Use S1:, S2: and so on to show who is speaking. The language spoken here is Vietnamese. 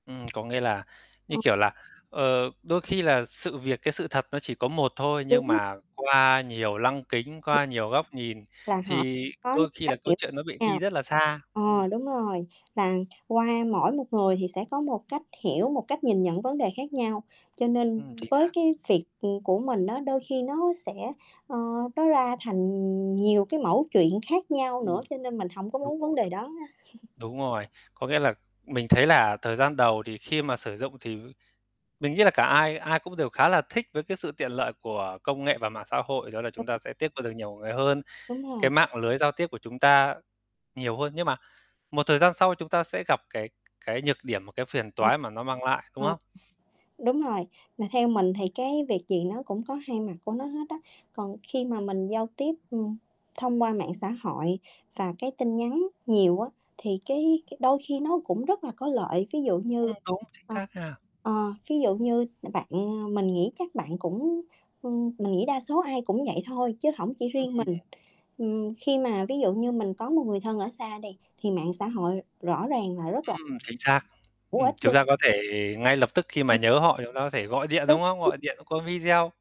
S1: Ừm, có nghĩa là như
S2: Ừm.
S1: kiểu là, ờ, đôi khi là sự việc, cái sự thật nó chỉ có một thôi
S2: Đúng
S1: nhưng
S2: r
S1: mà qua nhiều lăng kính,
S2: Đúng.
S1: qua nhiều góc nhìn
S2: Là họ
S1: thì
S2: có
S1: đôi khi là câu chuyện nó bị
S2: [unintelligible]
S1: đi
S2: nhau.
S1: rất là xa.
S2: Ờ,
S1: Ừm.
S2: đúng rồi. Là, qua mỗi một người thì sẽ có một cách hiểu, một cách nhìn nhận vấn đề khác nhau. Cho nên
S1: Ừm, chính
S2: với
S1: xác.
S2: cái việc, ừm, của mình á, đôi khi nó sẽ ờ, nó ra thành nhiều cái mẩu chuyện khác nhau nữa.
S1: Ừm,
S2: Cho nên mình hổng có
S1: đúng
S2: muốn vấn
S1: rồi.
S2: đề đó ha
S1: Đúng rồi. Có nghĩa là mình thấy là thời gian đầu thì khi mà sử dụng thì mình nghĩ là cả ai ai cũng đều khá là thích với cái sự tiện lợi của công nghệ và mạng xã hội. Đó là chúng ta
S2: [unintelligible]
S1: sẽ tiếp qua được nhiều người hơn.
S2: Đúng
S1: Cái
S2: rồi.
S1: mạng lưới giao tiếp của chúng ta nhiều hơn, nhưng mà một thời gian sau chúng ta sẽ gặp cái cái nhược điểm và cái phiền
S2: Ờ,
S1: toái mà nó mang lại, đúng
S2: ờ,
S1: không?
S2: đúng rồi. Mà theo mình thì cái việc gì nó cũng có hai mặt của nó hết á. Còn khi mà mình giao tiếp, ừm, thông qua mạng xã hội và cái tin nhắn nhiều á, thì cái cái đôi khi nó cũng rất là có lợi. Ví dụ như
S1: Ừm, đúng. Chính
S2: ờ,
S1: xác ha.
S2: ờ, ví dụ như bạn mình nghĩ chắc bạn cũng, ừm, mình nghĩ đa số ai cũng vậy thôi chứ hổng chỉ
S1: Ừm,
S2: riêng mình.
S1: ừm.
S2: Ừm, khi mà ví dụ như mình có một người thân ở xa đi thì mạng xã hội r rõ ràng là rất là
S1: Ừm, chính xác.
S2: hữu
S1: Ừm,
S2: ích
S1: chúng ta có thể
S2: [unintelligible]
S1: ngay lập tức khi mà
S2: Ừm.
S1: nhớ họ chúng ta có thể gọi điện,
S2: Đúng,
S1: đúng không?
S2: đúng.
S1: Gọi điện qua video.